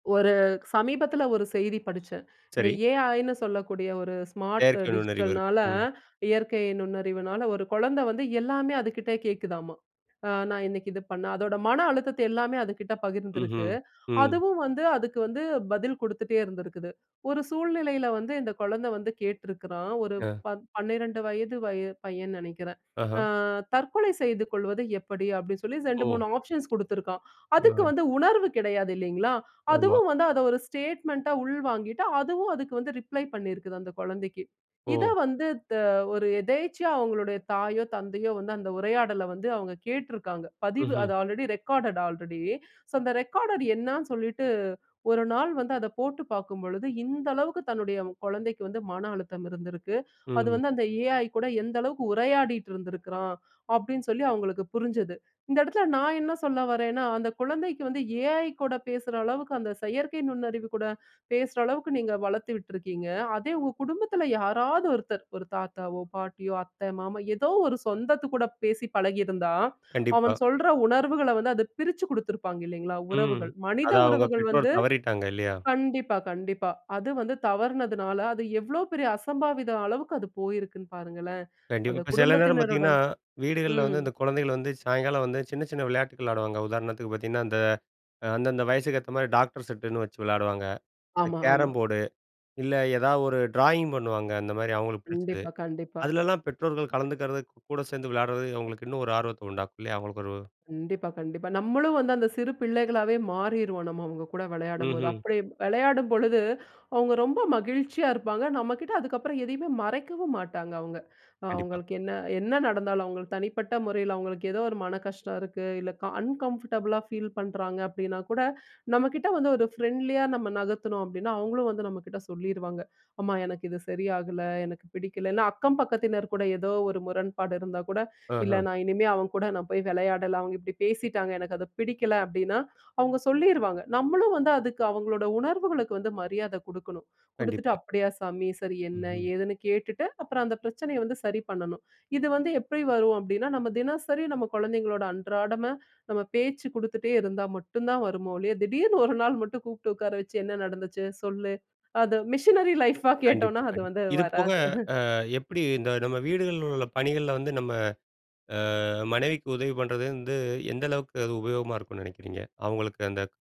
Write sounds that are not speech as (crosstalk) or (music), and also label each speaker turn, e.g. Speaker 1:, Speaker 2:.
Speaker 1: ஒரு சமீபத்தில ஒரு செய்தி படிச்சேன். இந்த
Speaker 2: சரி.
Speaker 1: ஏஐ னு சொல்லக்கூடிய ஒரு ஸ்மார்ட்
Speaker 2: செயற்கை நுண்ணறிவு இருக்கு.
Speaker 1: டிஜிட்டல்னால
Speaker 2: ம்.
Speaker 1: இயற்கை நுண்ணறிவுனால ஒரு குழந்தை வந்து எல்லாமே அதுக்கிட்ட கேட்குதாம்மா! அ நான் இன்னைக்கி இது பண்ண அதோட மன அழுத்தத்த எல்லாமே அதுக்கிட்ட பகிர்ந்திருக்கு.
Speaker 2: ம்ஹ்ம், ம்.
Speaker 1: அதுவும் வந்து அதுக்கு வந்து பதில் கொடுத்துட்டே இருந்திருக்குது. ஒரு சூழ்நிலையில வந்து இந்த குழந்தை வந்து கேட்டிருக்கிறான், ஒரு
Speaker 2: ஆ.
Speaker 1: பத் 12 வயது வய பையன்னு நினைக்கிறேன்.
Speaker 2: ஆஹ!
Speaker 1: ஆ தற்கொலை செய்து கொள்வது எப்படி, அப்பிடின்னு சொல்லி இரண்டு,
Speaker 2: ஓ!
Speaker 1: மூனு ஆப்ஷன்ஸ் கொடுத்திருக்கிறான். அதுக்கு
Speaker 2: ஆ.
Speaker 1: வந்து உணர்வு கிடையாது இல்லேங்களா!
Speaker 2: ஆமா.
Speaker 1: அதுவும் வந்து அத ஒரு ஸ்டேட்மெண்ட்டா உள்வாங்கிட்டு, அதுவும் அதுக்கு வந்து ரிப்ளை பண்ணியிருக்கிது. அந்த குழந்தைக்கு. இத
Speaker 2: ஓ!
Speaker 1: வந்து த ஒரு எதேர்ச்சையா அவுங்களுடைய தாயோ! தந்தையோ! வந்து அந்த உரையாடல வந்து அவுங்க கேட்டிருக்காங்க. பதிவு
Speaker 2: ம்ஹ்ம்.
Speaker 1: அது ஆல்ரெடி ரெக்கார்ட் ஆல்ரெடி. சோ, அந்த ரெக்கார்டர் என்னன்னு சொல்லிட்டு, ஒரு நாள் வந்து அத போட்டு பார்க்கும் பொழுது இந்த அளவுக்கு தன்னுடைய குழந்தைக்கு வந்து மன அழுத்தம் இருந்திருக்கு. அது
Speaker 2: ம்.
Speaker 1: வந்து அந்த ஏஐ கூட எந்த அளவுக்கு உரையாடிட்டு இருந்திருக்கிறான். அப்பிடின்னு சொல்லி அவுங்களுக்கு புரிஞ்சது. இந்த இடத்தில நான் என்ன சொல்ல வரேன்னா, அந்த குழந்தைக்கு வந்து ஏஐ கூட பேசுற அளவுக்கு அந்த செயற்கை நுண்ணறிவு கூட பேசுற அளவுக்கு நீங்க வளர்த்து விட்டுருக்கீங்க. அதே உங்க குடும்பத்தில யாராவது ஒருத்தர் ஒரு தாத்தாவோ! பாட்டியோ! அத்தை, மாமா எதோ ஒரு சொந்தத்து கூட பேசி பழகியிருந்தா, அவன்
Speaker 2: கண்டிப்பா.
Speaker 1: சொல்ற உணர்வுகள வந்து அத பிரிச்சு கொடுத்துருப்பாங்க இல்லேங்களா!
Speaker 2: ம்.
Speaker 1: உறவுகள் மனித
Speaker 2: அத அவுங்க
Speaker 1: உறவுகள்
Speaker 2: பெற்றோர்
Speaker 1: வந்து
Speaker 2: தவறிட்டாங்க. இல்லயா!
Speaker 1: கண்டிப்பா, கண்டிப்பா. அது வந்து தவறினதுனால அது எவ்ளோ பெரிய அசம்பாவித அளவுக்கு அது போயிருக்குன்னு பாருங்களேன்!
Speaker 2: கண்டிப்பா.
Speaker 1: அந்த
Speaker 2: இப்ப சில நேரம் பார்த்தீங்கன்னா,
Speaker 1: குடும்பத்தினருடன்
Speaker 2: வீடுகள்ல
Speaker 1: ம்.
Speaker 2: வந்து இந்த குழந்தைகள் வந்து சாயங்காலம் வந்து சின்ன, சின்ன விளையாட்டுகள் விளையாடுவாங்க. உதாரணத்துக்கு பார்த்தீங்கன்னா, அந்த அந்தந்த வயதுக்கு ஏத்தமாரி டாக்டர் செட்டுன்னு வச்சு விளையாடுவாங்க. இந்த
Speaker 1: ஆமா, ஆமா.
Speaker 2: Carrom board. இல்ல ஏதாவது ஒரு ட்ராயிங் பண்ணுவாங்க. அந்தமாரி அவுங்களுக்கு பிடிச்சது.
Speaker 1: கண்டிப்பா, கண்டிப்பா.
Speaker 2: அதுலலாம் பெற்றோர்கள் கலந்துக்கிறது கூட சேர்ந்து விளையாடுறது அவுங்களுக்கு இன்னும் ஒரு ஆர்வத்த உண்டாக்கும் இல்லயா! அவுங்களுக்கு ஒரு
Speaker 1: கண்டிப்பா, கண்டிப்பா. நம்மளும் வந்து அந்த சிறு பிள்ளைகளாவே மாறிருவோம். நம்ம அவுங்ககூட விளையாடும்போது.
Speaker 2: ம்ஹ்ம்.
Speaker 1: அப்பிடி விளையாடும் பொழுது அவுங்க ரொம்ப மகிழ்ச்சியா இருப்பாங்க. நம்ம கிட்ட அதுக்கப்பறம் எதையுமே மறைக்கவும் மாட்டாங்க அவுங்க. அ
Speaker 2: கண்டிப்பா.
Speaker 1: அவுங்களுக்கு என்ன என்ன நடந்தாலும் அவுங்களுக்கு தனிப்பட்ட முறையில அவுங்களுக்கு ஏதோ ஒரு மன கஷ்டம் இருக்கு. இல்ல கா அன்கம்ஃபர்டபுளா ஃபீல் பண்றாங்க அப்பிடின்னா கூட நம்மக்கிட்ட வந்து ஒரு ஃப்ரெண்ட்லியா நம்ம நகர்த்தணும் அப்பிடின்னா, அவுங்களும் வந்து நம்மக்கிட்ட சொல்லிருவாங்க. அம்மா எனக்கு இது சரியாகல. எனக்கு பிடிக்கலன்னா அக்கம் பக்கத்தினர் கூட ஏதோ ஒரு முரண்பாடு இருந்தா கூட, இல்ல
Speaker 2: ஆஹா!
Speaker 1: நான் இனிமே அவன் கூட நான் போய் விளையாடல. அவுங்க இப்பிடி பேசிட்டாங்க. எனக்கு அது பிடிக்கல அப்பிடின்னா, அவுங்க சொல்லிருவாங்க. நம்மளும் வந்து அதுக்கு அவுங்களோட உணர்வுகளுக்கு வந்து மரியாதை கொடுக்கணும். கொடுத்துட்டு
Speaker 2: கண்டிப்பா.
Speaker 1: அப்பிடியா சாமி! சரி. என்ன
Speaker 2: ம்ஹ்ம்.
Speaker 1: ஏதுன்னு கேட்டுட்டு அப்பறம் அந்த பிரச்சனைய வந்து சரி பண்ணணும். இது வந்து எப்பிடி வரும்? அப்பிடின்னா நம்ம தினசரி நம்ம குழந்தைங்களோட அன்றாடமா நம்ம பேச்சு கொடுத்துட்டே இருந்தா மட்டும் தான் வருமோ ஒழிய! திடீர்னு ஒரு நாள் மட்டும் கூப்பிட்டு உட்கார வச்சு என்ன நடந்துச்சு? சொல்லு! அது மிஷினரி லைஃப்பா
Speaker 2: கண்டிப்பா,
Speaker 1: கேட்டோன்னா, அது
Speaker 2: கண்டிப்பா.
Speaker 1: வந்து
Speaker 2: இதுபோக
Speaker 1: வராது. (chuckles)
Speaker 2: அ எப்பிடி இந்த நம்ம வீடுகள்ல உள்ள பணிகள வந்து நம்ம ஆ மனைவிக்கு உதவி பண்ணுறது வந்து, எந்த அளவுக்கு அது உபயோகமா இருக்குன்னு நினைக்கிறீங்க? அவுங்களுக்கு அந்த